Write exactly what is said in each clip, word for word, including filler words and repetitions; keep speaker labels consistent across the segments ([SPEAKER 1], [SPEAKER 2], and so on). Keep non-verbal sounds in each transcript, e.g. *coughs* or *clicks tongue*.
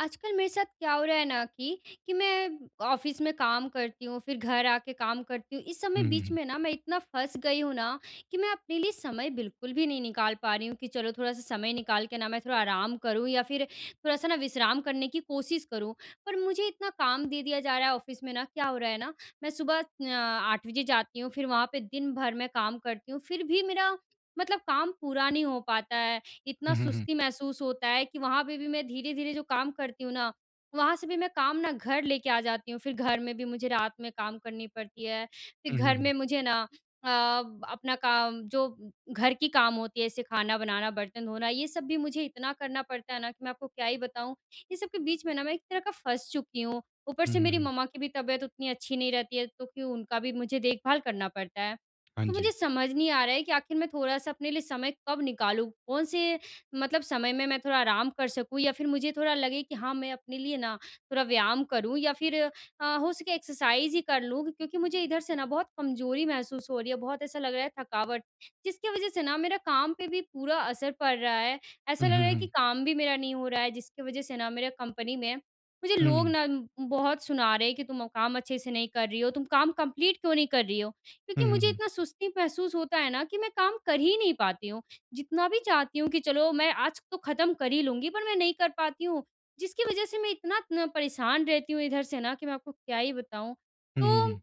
[SPEAKER 1] आजकल मेरे साथ क्या हो रहा है ना, कि कि मैं ऑफ़िस में काम करती हूँ फिर घर आ के काम करती हूँ। इस सब
[SPEAKER 2] हुँ,
[SPEAKER 1] में बीच
[SPEAKER 2] हुँ।
[SPEAKER 1] में ना मैं इतना फँस गई हूँ ना कि मैं अपने लिए समय बिल्कुल भी नहीं निकाल पा रही हूँ कि चलो थोड़ा-सा समय निकाल के ना मैं थोड़ा आराम करूँ या फिर थोड़ा-सा ना विश्राम करने की कोशिश करूँ। पर मुझे इतना काम दे दिया जा रहा है। ऑफ़िस में ना क्या हो रहा है ना, मैं सुबह अ, आठ बजे जाती हूँ फिर वहाँ पे दिन भर मैं काम करती हूँ फिर भी मेरा मतलब काम पूरा नहीं हो पाता है। इतना
[SPEAKER 2] हुँ, हुँ, हुँ।
[SPEAKER 1] सुस्ती महसूस होता है कि वहाँ पे भी मैं धीरे-धीरे जो काम करती हूँ ना, वहाँ से भी मैं काम ना घर लेके आ जाती हूँ फिर घर में भी मुझे रात में काम करनी पड़ती है। फिर
[SPEAKER 2] हुँ, हुँ,
[SPEAKER 1] घर में
[SPEAKER 2] हुँ।
[SPEAKER 1] मुझे ना अ, अपना काम जो घर की काम होती है जैसे खाना बनाना, बर्तन धोना ये सब भी मुझे इतना करना पड़ता है ना कि मैं आपको क्या ही बताऊँ। ये सब के बीच में ना मैं एक तरह का फँस चुकी हूँ। ऊपर
[SPEAKER 2] हुँ,
[SPEAKER 1] से
[SPEAKER 2] हुँ,
[SPEAKER 1] मेरी
[SPEAKER 2] हुँ।
[SPEAKER 1] मम्मा की भी तबियत उतनी अच्छी नहीं रहती है तो क्यों उनका भी मुझे देखभाल करना पड़ता है।
[SPEAKER 2] हाँ
[SPEAKER 1] तो मुझे
[SPEAKER 2] जी।
[SPEAKER 1] समझ नहीं आ रहा है कि आखिर मैं थोड़ा-सा अपने लिए समय कब निकालूँ? कौन-से मतलब समय में मैं थोड़ा आराम कर सकूँ? या फिर मुझे थोड़ा लगे कि हाँ मैं अपने लिए ना थोड़ा व्यायाम करूँ या फिर अ, हो सके एक्सरसाइज़ ही कर लूँ। क्योंकि मुझे इधर से ना बहुत कमजोरी महसूस हो रही है। बहुत ऐसा लग रहा है थकावट जिसकी वज़ह से ना मेरा काम पे भी पूरा असर पड़ रहा है। ऐसा
[SPEAKER 2] हुँ,
[SPEAKER 1] लग
[SPEAKER 2] हुँ,
[SPEAKER 1] रहा है कि
[SPEAKER 2] हुँ।
[SPEAKER 1] काम भी मेरा नहीं हो रहा है जिसकी वज़ह से ना मेरा कंपनी में मुझे लोग
[SPEAKER 2] हुँ।
[SPEAKER 1] ना बहुत सुना रहे हैं कि, "तुम काम अच्छे से नहीं कर रही हो। तुम काम कम्प्लीट क्यों नहीं कर रही हो?" क्योंकि
[SPEAKER 2] हुँ, हुँ,
[SPEAKER 1] मुझे
[SPEAKER 2] हुँ।
[SPEAKER 1] इतना सुस्ती महसूस होता है ना कि मैं काम कर ही नहीं पाती हूँ। जितना भी चाहती हूँ कि चलो मैं आज तो ख़त्म कर ही लूँगी पर मैं नहीं कर पाती हूँ जिसकी वज़ह से मैं इतना इतना परेशान रहती हूँ इधर से ना कि मैं आपको क्या ही बताऊँ।
[SPEAKER 2] हुँ, हुँ,
[SPEAKER 1] तो
[SPEAKER 2] हुँ।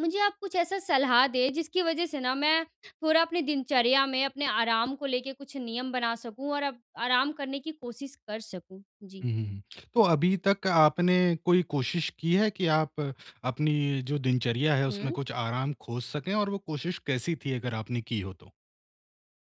[SPEAKER 1] मुझे आप कुछ ऐसा सलाह दें जिसकी वज़ह से न मैं थोड़ा अपनी दिनचर्या में, अपने आराम को लेके कुछ नियम बना सकूँ और अब आराम करने की कोशिश कर सकूँ। जी।
[SPEAKER 2] हुँ, हुँ, हुँ। *clicks tongue* तो अभी तक आपने कोई कोशिश की है कि आप, अपनी जो दिनचर्या है उसमें
[SPEAKER 1] हुँ।
[SPEAKER 2] कुछ आराम खोज सकें और वो कोशिश कैसी थी अगर आपने की हो तो?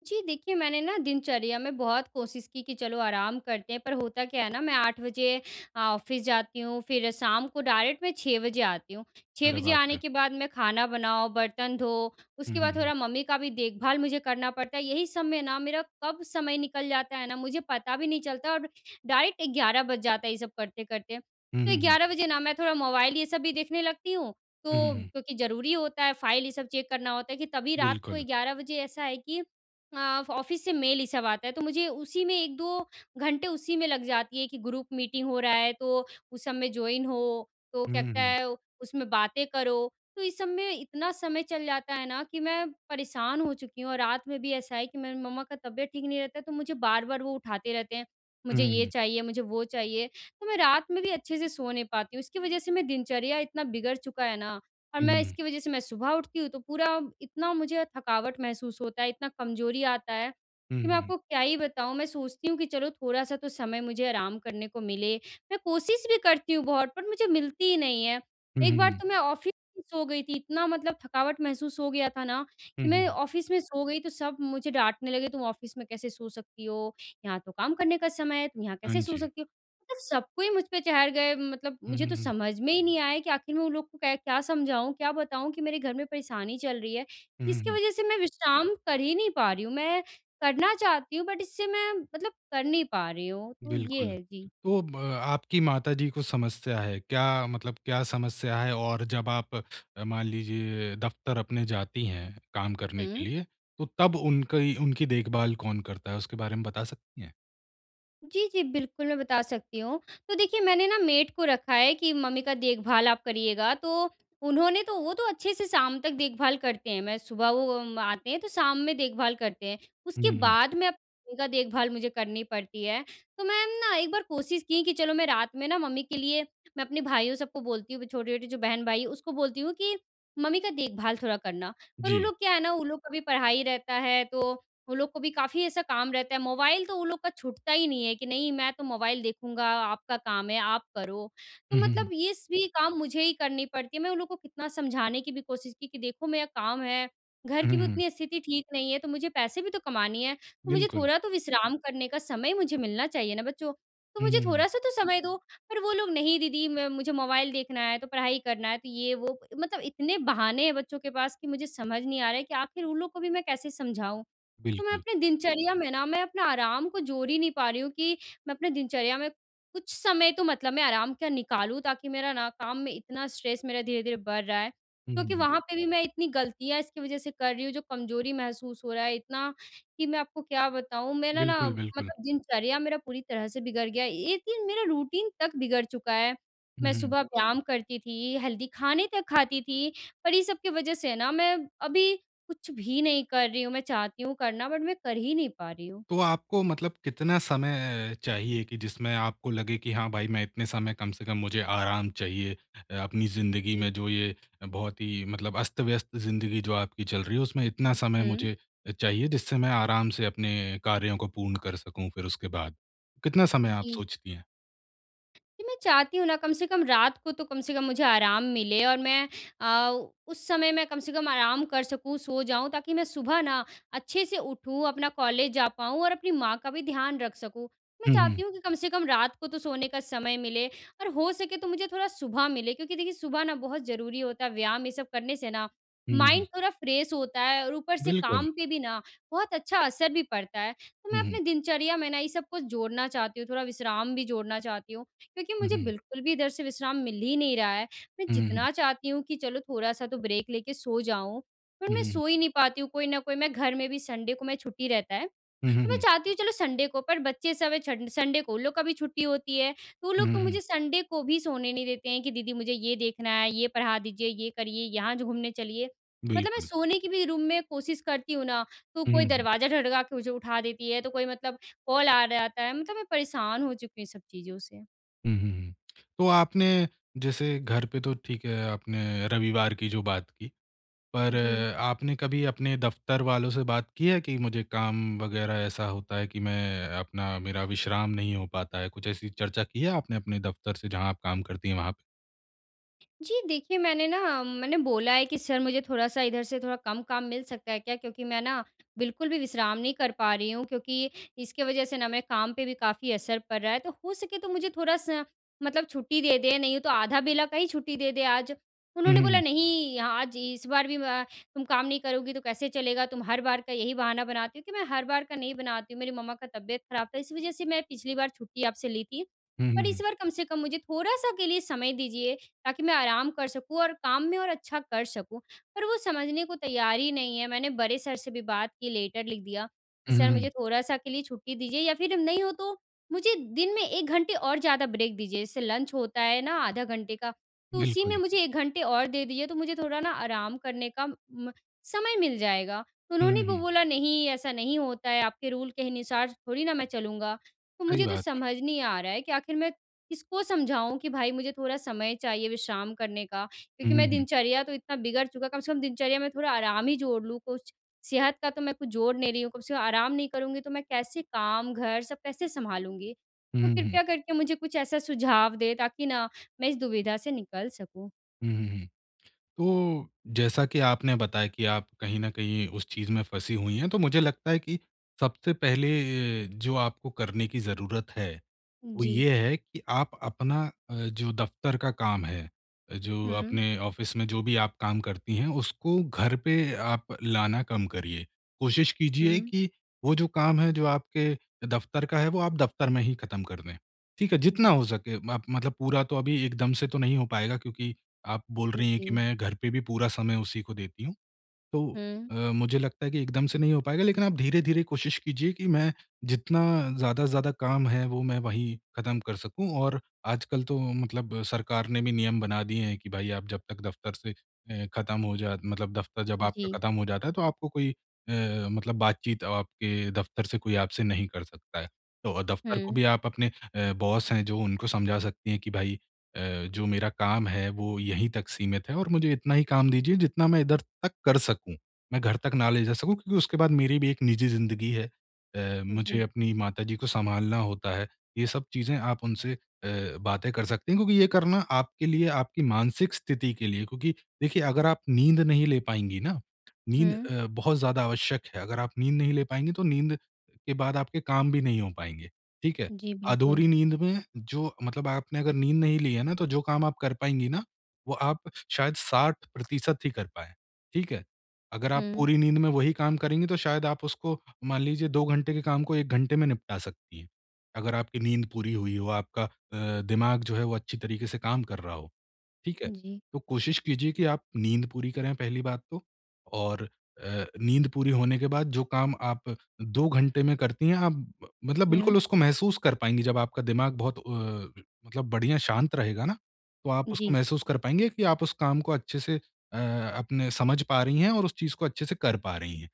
[SPEAKER 1] जी, देखिए मैंने ना दिनचर्या में बहुत कोशिश की कि चलो आराम करते हैं पर होता क्या है ना मैं आठ बजे ऑफ़िस जाती हूँ फिर शाम को डायरेक्ट मैं छह बजे आती हूँ। छह
[SPEAKER 2] अरे
[SPEAKER 1] बजे
[SPEAKER 2] बाप
[SPEAKER 1] आने
[SPEAKER 2] रे!
[SPEAKER 1] के बाद मैं खाना बनाओ, बर्तन धो,
[SPEAKER 2] हुँ,
[SPEAKER 1] उसके
[SPEAKER 2] हुँ,
[SPEAKER 1] बाद
[SPEAKER 2] हुँ।
[SPEAKER 1] थोड़ा मम्मी का भी देखभाल मुझे करना पड़ता है यही सब में ना मेरा कब समय निकल जाता है ना मुझे पता भी नहीं चलता और डायरेक्ट ग्यारह बज जाता है ये सब करते-करते।
[SPEAKER 2] हुँ,
[SPEAKER 1] तो
[SPEAKER 2] हुँ, हुँ।
[SPEAKER 1] ग्यारह बजे ना मैं थोड़ा मोबाइल ये सब भी देखने लगती हूँ,
[SPEAKER 2] हुँ, हुँ,
[SPEAKER 1] तो
[SPEAKER 2] हुँ।
[SPEAKER 1] क्योंकि ज़रूरी होता है, फ़ाइल ये सब चेक करना होता है कि तभी रात को
[SPEAKER 2] बिल्कुल।
[SPEAKER 1] ग्यारह बजे ऐसा है कि अ, ऑफ़िस से मेल ये सब आता है तो मुझे उसी में एक दो घंटे उसी में लग जाती है कि ग्रुप मीटिंग हो रहा है, तो उस सब में जॉइन हो। तो
[SPEAKER 2] हुँ,
[SPEAKER 1] कहता
[SPEAKER 2] हुँ।
[SPEAKER 1] है उसमें बातें करो, तो इस सब में इतना समय चल जाता है ना, कि मैं परेशान हो चुकी हूँ और रात में भी ऐसा है कि मेरी मम्मा का तबियत ठीक नहीं रहता है, तो मुझे बार-बार वो उठाते रहते हैं।
[SPEAKER 2] हुँ,
[SPEAKER 1] मुझे ये
[SPEAKER 2] हुँ।
[SPEAKER 1] चाहिए, मुझे वो चाहिए, तो मैं रात में भी अच्छे से सो नहीं पाती हूँ इसकी वज़ह से मैं दिनचर्या इतना बिगड़ चुका है ना। और मैं
[SPEAKER 2] हुँ।
[SPEAKER 1] इसकी वज़ह से मैं सुबह उठती हूँ, तो पूरा इतना मुझे थकावट महसूस होता है, इतना कमज़ोरी आता है,
[SPEAKER 2] हुँ,
[SPEAKER 1] कि मैं
[SPEAKER 2] हुँ।
[SPEAKER 1] आपको क्या ही बताऊँ मैं सोचती हूँ कि चलो थोड़ा-सा तो समय मुझे आराम करने को मिले, मैं कोशिश भी करती हूँ बहुत पर मुझे मिलती ही नहीं है।
[SPEAKER 2] हुँ,
[SPEAKER 1] एक
[SPEAKER 2] हुँ,
[SPEAKER 1] बार
[SPEAKER 2] हुँ।
[SPEAKER 1] तो मैं ऑफ़िस में सो गई थी इतना मतलब थकावट महसूस हो गया था ना,
[SPEAKER 2] हुँ,
[SPEAKER 1] कि मैं
[SPEAKER 2] हुँ।
[SPEAKER 1] ऑफ़िस में सो गई तो सब मुझे डाँटने लगे तुम ऑफ़िस में कैसे सो सकती हो, यहाँ तो काम करने का समय है तुम यहाँ
[SPEAKER 2] हाँ
[SPEAKER 1] कैसे सो
[SPEAKER 2] जी।
[SPEAKER 1] सकती हो? मतलब सबको मुझ पे चढ़ गए मतलब
[SPEAKER 2] हुँ,
[SPEAKER 1] मुझे
[SPEAKER 2] हुँ,
[SPEAKER 1] तो
[SPEAKER 2] हुँ।
[SPEAKER 1] समझ में ही नहीं आया कि आख़िर मैं उन लोग को क्या समझाऊँ, क्या बताऊँ कि मेरे घर में परेशानी चल रही है,
[SPEAKER 2] हुँ, हुँ,
[SPEAKER 1] जिसकी
[SPEAKER 2] हुँ।
[SPEAKER 1] वज़ह से मैं विश्राम कर ही नहीं पा रही हूँ, मैं करना चाहती हूँ बट इससे मैं मतलब कर नहीं पा रही हूँ, तो ये
[SPEAKER 2] बिल्कुल।
[SPEAKER 1] है। जी।
[SPEAKER 2] तो ब आपकी माताजी को समस्या है, क्या मतलब क्या समस्या है और जब आप मान लीजिए दफ़्तर अपने जाती हैं काम करने के
[SPEAKER 1] हुँ।
[SPEAKER 2] लिए, तो तब उन कई उनकी देखभाल कौन करता है, उसके बारे में बता सकती हैं?
[SPEAKER 1] जी, जी। बिल्कुल, मैं बता सकती हूँ। तो देखिए, मैंने ना मेड को रखा है कि, "मम्मी का देखभाल आप करियेगा।" तो उन्होंने तो वो तो अच्छे से शाम तक देखभाल करते हैं। मैं सुबह वो उम, आते हैं, तो शाम में देखभाल करते हैं।
[SPEAKER 2] हुँ,
[SPEAKER 1] उसके
[SPEAKER 2] हुँ।
[SPEAKER 1] बाद में मम्मी का देखभाल मुझे करनी पड़ती है। तो मैं ना, एक बार कोशिश की कि चलो, मैं रात में ना मम्मी के लिए, मैं अपने भाइयों, सबको बोलती हूँ कि छोटे-छोटे जो बहन-भाई, उसको बोलती हूँ कि, "मम्मी का देखभाल थोड़ा करना।" और वो
[SPEAKER 2] जी।
[SPEAKER 1] लोग क्या है ना, वो लोग का भी पढ़ाई रहता है, तो वो लोग को भी काफ़ी ऐसा काम रहता है। मोबाइल तो उन लोग का छूटता ही नहीं है कि, "नहीं, मैं तो मोबाइल देखूँगा, आपका काम है, आप करो।" तो
[SPEAKER 2] हुँ, हुँ,
[SPEAKER 1] मतलब
[SPEAKER 2] हुँ।
[SPEAKER 1] ये भी काम मुझे ही करनी पड़ती है। मैं उन लोग को कितना समझाने की भी कोशिश की, कि, "देखो, मेरा काम है, घर
[SPEAKER 2] हुँ,
[SPEAKER 1] की
[SPEAKER 2] हुँ,
[SPEAKER 1] भी
[SPEAKER 2] हुँ।
[SPEAKER 1] उतनी स्थिति ठीक नहीं है, तो मुझे पैसे भी तो कमाने हैं। तो मुझे
[SPEAKER 2] बिल्कुल।
[SPEAKER 1] थोड़ा तो विश्राम करने का समय मुझे मिलना चाहिए ना, बच्चों। तो
[SPEAKER 2] हुँ,
[SPEAKER 1] मुझे
[SPEAKER 2] हुँ, हुँ।
[SPEAKER 1] थोड़ा-सा तो समय दो।" पर वो लोग, "नहीं, दीदी, म मुझे मोबाइल देखना है, तो पढ़ाई करना है।" तो ये-वो, मतलब इतने बहाने हैं बच्चों के पास कि मुझे समझ नहीं आ रहा है कि आख़िर उन लोग को भी मैं कैसे समझाऊँ? तो मैं
[SPEAKER 2] बिल्कुल।
[SPEAKER 1] अपने दिनचर्या में ना, मैं अपने आराम को जोड़ ही नहीं पा रही हूँ कि मैं अपने दिनचर्या में कुछ समय तो मतलब मैं आराम का निकालूँ, ताकि मेरा ना, काम में इतना स्ट्रेस मेरा धीरे-धीरे बढ़ रहा है,
[SPEAKER 2] हुँ, हुँ,
[SPEAKER 1] क्योंकि
[SPEAKER 2] हुँ।
[SPEAKER 1] वहाँ पे भी मैं इतनी गलतियाँ इसकी वज़ह से कर रही हूँ, जो कमज़ोरी महसूस हो रहा है इतना, कि मैं आपको क्या बताऊँ। मेरा ना,
[SPEAKER 2] बिल्कुल, बिल्कुल।
[SPEAKER 1] मतलब दिनचर्या मेरा पूरी तरह से बिगड़ गया है, एक दिन मेरा रूटीन तक बिगड़ चुका है। मैं
[SPEAKER 2] हुँ।
[SPEAKER 1] सुबह व्यायाम करती थी, हेल्दी खाने तक खाती थी, पर ये सब की वज़ह से ना, मैं अभी कुछ भी नहीं कर रही हूँ, मैं चाहती हूँ करना, बट मैं कर ही नहीं पा रही हूँ।
[SPEAKER 2] तो आपको मतलब कितना समय चाहिए कि जिसमें आपको लगे कि, "हाँ भाई, मैं इतने समय कम से कम मुझे आराम चाहिए अपनी ज़िंदगी
[SPEAKER 1] जी।
[SPEAKER 2] में, जो ये बहुत ही मतलब अस्त-व्यस्त ज़िंदगी जो आपकी चल रही है, उसमें इतना समय
[SPEAKER 1] हुँ।
[SPEAKER 2] मुझे अ, चाहिए, जिससे मैं आराम से अपने कार्यों को पूर्ण कर सकूँ, फिर उसके बाद।" कितना समय आप
[SPEAKER 1] जी।
[SPEAKER 2] सोचती हैं?
[SPEAKER 1] कि मैं चाहती हूँ ना कम से कम रात को तो कम से कम मुझे आराम मिले। और मैं अ, उस समय मैं कम से कम आराम कर सकूँ, सो जाऊँ ताकि मैं सुबह ना अच्छे से उठूँ, अपना कॉलेज जा पाऊँ और अपनी माँ का भी ध्यान रख सकूँ। मैं
[SPEAKER 2] हुँ, हुँ।
[SPEAKER 1] चाहती हूँ कि कम से कम रात को तो सोने का समय मिले। और हो सके तो मुझे थोड़ा सुबह मिले क्योंकि देखिए सुबह ना बहुत ज़रूरी होता है व्यायाम ये सब करने से न
[SPEAKER 2] हुँ, हुँ, हुँ।
[SPEAKER 1] माइंड थोड़ा फ्रेश होता है और ऊपर से
[SPEAKER 2] बिल्कुल।
[SPEAKER 1] काम पे भी ना बहुत अच्छा असर भी पड़ता है। तो मैं
[SPEAKER 2] हुँ, हुँ।
[SPEAKER 1] अपने दिनचर्या में ना ये सब कुछ जोड़ना चाहती हूँ। थोड़ा विश्राम भी जोड़ना चाहती हूँ क्योंकि
[SPEAKER 2] हुँ,
[SPEAKER 1] मुझे
[SPEAKER 2] हुँ।
[SPEAKER 1] बिल्कुल भी इधर से विश्राम मिल ही नहीं रहा है। मैं
[SPEAKER 2] हुँ, हुँ, हुँ।
[SPEAKER 1] जितना चाहती हूँ कि चलो थोड़ा-सा तो ब्रेक लेके सो जाऊँ पर
[SPEAKER 2] हुँ,
[SPEAKER 1] मैं
[SPEAKER 2] हुँ।
[SPEAKER 1] सो ही नहीं पाती हूँ। कोई न कोई मैं घर में भी संडे को मैं छुट्टी रहता है
[SPEAKER 2] हुँ, हुँ,
[SPEAKER 1] तो मैं
[SPEAKER 2] हुँ।
[SPEAKER 1] चाहती हूँ चलो संडे को पर बच्चे सब है छंड संडे को उन लोग का भी छुट्टी होती है। तो वो
[SPEAKER 2] हुँ,
[SPEAKER 1] लोग
[SPEAKER 2] हुँ,
[SPEAKER 1] तो
[SPEAKER 2] हुँ।
[SPEAKER 1] मुझे संडे को भी सोने नहीं देते हैं कि दीदी मुझे ये देखना है, ये पढ़ा दीजिए, ये करिए, यहाँ जो घूमने चलिए। मतलब मैं
[SPEAKER 2] बिल्कुल।
[SPEAKER 1] सोने की भी रूम में कोशिश करती हूँ ना, तो
[SPEAKER 2] हुँ,
[SPEAKER 1] कोई
[SPEAKER 2] हुँ, हुँ।
[SPEAKER 1] दरवाज़ा धड़का के मुझे उठा देती है, तो कोई मतलब कॉल आ जाता है। मतलब मैं परेशान हो चुकी हूँ इन सब चीज़ों से।
[SPEAKER 2] हुँ, हुँ, हुँ। *clicks tongue* तो आपने जैसे घर पे तो ठीक है, आपने रविवार की जो बात की, पर
[SPEAKER 1] जी।
[SPEAKER 2] आपने कभी अपने दफ़्तर वालों से बात की है कि मुझे काम वग़ैरह ऐसा होता है कि मैं अपना मेरा विश्राम नहीं हो पाता है, कुछ ऐसी चर्चा की है आपने अपने दफ़्तर से जहाँ आप काम करती हैं वहाँ पे?
[SPEAKER 1] जी। देखिए, मैंने ना मैंने बोला है कि, "सर मुझे थोड़ा-सा इधर से थोड़ा कम काम मिल सकता है क्या क्योंकि मैं ना बिल्कुल भी विश्राम नहीं कर पा रही हूँ? क्योंकि इसकी वज़ह से ना मेरे काम पे भी काफ़ी असर पड़ रहा है तो हो सके तो मुझे थोड़ा-सा मतलब छुट्टी दे दें, नहीं तो आधा बेला का ही छुट्टी दे दें आज।"
[SPEAKER 2] हुँ,
[SPEAKER 1] उन्होंने बोला,
[SPEAKER 2] हुँ।
[SPEAKER 1] "नहीं, आज इस बार भी व तुम काम नहीं करोगी तो कैसे चलेगा? तुम हर बार का यही बहाना बनाती हो।" कि, "मैं हर बार का नहीं बनाती हूँ, मेरी मम्मा का तबियत ख़राब था, इस वज़ह से मैं पिछली बार छुट्टी आपसे ली थी।
[SPEAKER 2] हुँ, हुँ,
[SPEAKER 1] पर इस
[SPEAKER 2] हुँ।
[SPEAKER 1] बार कम से कम मुझे थोड़ा-सा के लिए समय दीजिए, ताकि मैं आराम कर सकूँ और काम में और अच्छा कर सकूँ।" पर वो समझने को तैयार ही नहीं है, मैंने बड़े सर से भी बात की, लेटर लिख दिया कि,
[SPEAKER 2] हुँ, हुँ,
[SPEAKER 1] "सर मुझे
[SPEAKER 2] हुँ।
[SPEAKER 1] थोड़ा-सा के लिए छुट्टी दीजिए या फिर नहीं हो तो मुझे दिन में एक घंटे और ज़्यादा ब्रेक दीजिए। जैसे लंच होता है ना आधा घंटे का, तो उसी में
[SPEAKER 2] बिल्कुल।
[SPEAKER 1] मुझे एक घंटे और दे दीजिए, तो मुझे थोड़ा ना आराम करने का म समय मिल जाएगा।" तो
[SPEAKER 2] हुँ,
[SPEAKER 1] उन्होंने
[SPEAKER 2] हुँ,
[SPEAKER 1] वो
[SPEAKER 2] हुँ।
[SPEAKER 1] बोला, "नहीं, ऐसा नहीं होता है, आपके रूल के अनुसार थोड़ी ना मैं चलूँगा।" तो
[SPEAKER 2] सही
[SPEAKER 1] मुझे तो
[SPEAKER 2] बात है।
[SPEAKER 1] समझ नहीं आ रहा है कि आख़िर मैं किसको समझाऊँ कि भाई, मुझे थोड़ा समय चाहिए विश्राम करने का
[SPEAKER 2] हुँ,
[SPEAKER 1] क्योंकि
[SPEAKER 2] हुँ,
[SPEAKER 1] मेरा
[SPEAKER 2] हुँ।
[SPEAKER 1] दिनचर्या तो इतना बिगड़ चुका, कम से कम दिनचर्या में थोड़ा आराम ही जोड़ लूँ कुछ। सेहत का तो मैं कुछ जोड़ नहीं रही हूँ, कम से कम आराम नहीं करूँगी तो मैं कैसे काम घर सब कैसे सँभालूँगी?
[SPEAKER 2] हुँ,
[SPEAKER 1] तो
[SPEAKER 2] हुँ, हुँ।
[SPEAKER 1] कृपया करके मुझे कुछ ऐसा सुझाव दें ताकि ना मैं इस दुविधा से निकल सकूँ।
[SPEAKER 2] हुँ, हुँ, हुँ। तो जैसा कि आपने बताया कि आप कहीं न कहीं उस चीज़ में फँसी हुई हैं तो मुझे लगता है कि सबसे पहले ये जो आपको करने की ज़रूरत है, वो
[SPEAKER 1] जी।
[SPEAKER 2] ये है कि आप अपना अ, जो दफ़्तर का काम है अ, जो
[SPEAKER 1] हुँ।
[SPEAKER 2] अपने ऑफ़िस में जो भी आप काम करती हैं, उसको घर पे आप लाना कम करिए। कोशिश कीजिए
[SPEAKER 1] हुँ।
[SPEAKER 2] कि वो जो काम है जो आपके दफ़्तर का है वो आप दफ़्तर में ही ख़त्म कर दें। ठीक है?
[SPEAKER 1] जी।
[SPEAKER 2] जितना हो सके माप मतलब पूरा तो अभी एकदम से तो नहीं हो पाएगा क्योंकि आप बोल
[SPEAKER 1] हुँ,
[SPEAKER 2] रही हैं कि
[SPEAKER 1] जी।
[SPEAKER 2] मैं घर पे भी पूरा समय उसी को देती हूँ, तो
[SPEAKER 1] हुँ।
[SPEAKER 2] अ, मुझे लगता है कि एकदम से नहीं हो पाएगा लेकिन आप धीरे-धीरे कोशिश कीजिए कि मैं जितना ज़्यादा से ज़्यादा काम है, वो मैं वहीं ख़त्म कर सकूँ और आजकल तो मतलब सरकार ने भी नियम बना दिए हैं कि भाई आप जब तक दफ़्तर से अ, ख़त्म हो जा मतलब दफ़्तर जब आपका
[SPEAKER 1] जी।
[SPEAKER 2] ख़त्म हो जाता है तो आपको कोई अ, मतलब बातचीत आपके दफ़्तर से कोई आपसे नहीं कर सकता है। तो दफ़्तर को
[SPEAKER 1] हुँ।
[SPEAKER 2] भी आप अपने अ, बॉस हैं जो उनको समझा सकती हैं कि भाई अ, जो मेरा काम है वो यहीं तक सीमित है और मुझे इतना ही काम दीजिए जितना मैं इधर तक कर सकूँ। मैं घर तक ना ले जा सकूँ क्योंकि उसके बाद मेरी भी एक निजी ज़िंदगी है अ, मुझे
[SPEAKER 1] जी।
[SPEAKER 2] अपनी माताजी को सँभालना होता है। ये सब चीज़ें आप उनसे अ, बातें कर सकती हैं क्योंकि ये करना आपके लिए आपकी मानसिक स्थिति के लिए क्योंकि देखिए अगर आप नींद नहीं ले पाएँगी ना, नींद
[SPEAKER 1] हुँ।
[SPEAKER 2] अ, बहुत ज़्यादा आवश्यक है अगर आप नींद नहीं ले पाएँगी तो नींद अ, के बाद आपके काम भी नहीं हो पाएँगे। ठीक है?
[SPEAKER 1] जी, बिल्कुल।
[SPEAKER 2] अधूरी नींद में जो मतलब आपने अगर नींद नहीं ली है ना तो जो काम आप कर पाएँगी ना, वो आप श शायद साठ प्रतिशत ही कर पाएँ। ठीक है? अगर आप
[SPEAKER 1] हुँ।
[SPEAKER 2] पूरी नींद में वही काम करेंगी तो शायद आप उसको मान लीजिए दो घंटे के काम को एक घंटे में निपटा सकती हैं अगर आपकी नींद पूरी हुई हो, आपका अ, दिमाग जो है वो अच्छी तरीके से काम कर रहा हो। ठीक है?
[SPEAKER 1] जी।
[SPEAKER 2] तो कोशिश कीजिए कि आप नींद पूरी करें पहली बात तो और अ, नींद पूरी होने के बाद जो काम आप दो घंटे में करती हैं आप ब मतलब
[SPEAKER 1] हुँ।
[SPEAKER 2] बिल्कुल उसको महसूस कर पाएँगी जब आपका दिमाग बहुत अ, मतलब बढ़िया शांत रहेगा ना, तो आप उसको
[SPEAKER 1] जी।
[SPEAKER 2] महसूस कर पाएँगी कि आप उस काम को अच्छे से अ, अपने समझ पा रही हैं और उस चीज़ को अच्छे से कर पा रही हैं।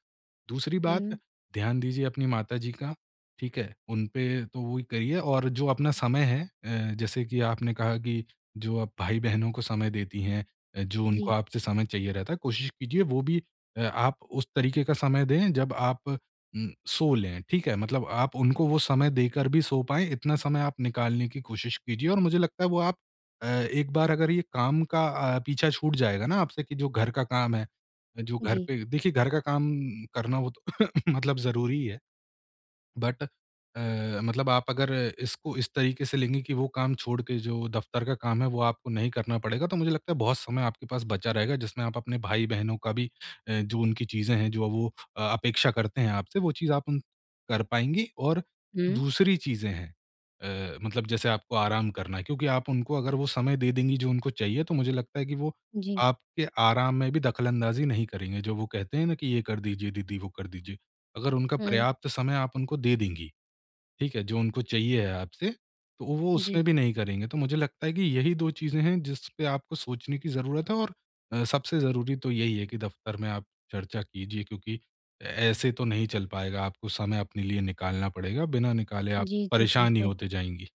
[SPEAKER 2] दूसरी बात
[SPEAKER 1] हुँ।
[SPEAKER 2] ध्यान दीजिए अपनी माताजी का, ठीक है? उन पे तो वही करिए और जो अपना समय है अ, जैसे कि आपने कहा कि जो आप भाई-बहनों को समय देती हैं अ, जो उनको
[SPEAKER 1] जी।
[SPEAKER 2] आपसे समय चाहिए रहता है कोशिश कीजिए वो भी अ, आप उस तरीके का समय दें जब आप उम, सो लें। ठीक है? मतलब आप उनको वो समय देकर भी सो पाएँ, इतना समय आप निकालने की कोशिश कीजिए और मुझे लगता है वो आप अ, एक बार अगर ये काम का अ, पीछा छूट जाएगा ना आपसे कि जो घर का काम है, जो घर
[SPEAKER 1] जी।
[SPEAKER 2] पे देखिए घर का काम करना वो तो *coughs* मतलब ज़रूरी है। बट अ, मतलब आप अगर इसको इस तरीके से लेंगी कि वो काम छोड़ के जो दफ़्तर का काम है वो आपको नहीं करना पड़ेगा तो मुझे लगता है बहुत समय आपके पास बचा रहेगा, जिसमें आप अपने भाई-बहनों का भी अ, जो उनकी चीज़ें हैं जो वो अ, अपेक्षा करते हैं आपसे वो चीज़ आप उन कर पाएँगी और
[SPEAKER 1] हुँ।
[SPEAKER 2] दूसरी चीज़ें हैं अ, मतलब जैसे आपको आराम करना है क्योंकि आप उनको अगर वो समय दे देंगी जो उनको चाहिए तो मुझे लगता है कि वो
[SPEAKER 1] जी।
[SPEAKER 2] आपके आराम में भी दख़लअंदाज़ी नहीं करेंगे, जो वो कहते हैं ना कि ये कर दीजिए दीदी, वो कर दीजिए। अगर उनका
[SPEAKER 1] हुँ।
[SPEAKER 2] पर्याप्त समय आप उनको दे देंगी। ठीक है? जो उनको चाहिए है आपसे, तो वो
[SPEAKER 1] जी।
[SPEAKER 2] उसमें भी नहीं करेंगे तो मुझे लगता है कि यही दो चीज़ें हैं जिसपे आपको सोचने की ज़रूरत है और अ, सबसे ज़रूरी तो यही है कि दफ़्तर में आप चर्चा कीजिए क्योंकि ऐ ऐसे तो नहीं चल पाएगा। आपको समय अपने लिए निकालना पड़ेगा बिना निकाले आप
[SPEAKER 1] जी, जी।
[SPEAKER 2] परेशान ही
[SPEAKER 1] बिल्कुल।
[SPEAKER 2] होते जाएँगी।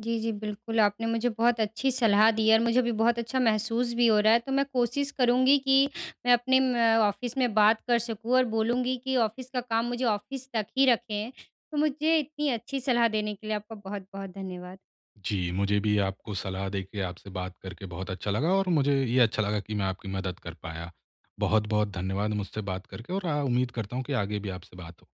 [SPEAKER 1] जी, जी। बिल्कुल, आपने मुझे बहुत अच्छी सलाह दी है और मुझे भी बहुत अच्छा महसूस भी हो रहा है तो मैं कोशिश करूँगी कि मैं अपने म ऑफ़िस में बात कर सकूँ और बोलूँगी कि ऑफ़िस का काम मुझे ऑफ़िस तक ही रखें। तो मुझे इतनी अच्छी सलाह देने के लिए आपका बहुत-बहुत धन्यवाद।
[SPEAKER 2] जी, मुझे भी आपको सलाह देके आपसे बात करके बहुत अच्छा लगा और मुझे ये अच्छा लगा कि मैं आपकी मदद कर पाया। बहुत-बहुत धन्यवाद मुझसे बात करके और आ उम्मीद करता हूँ कि आगे भी आपसे बात हो।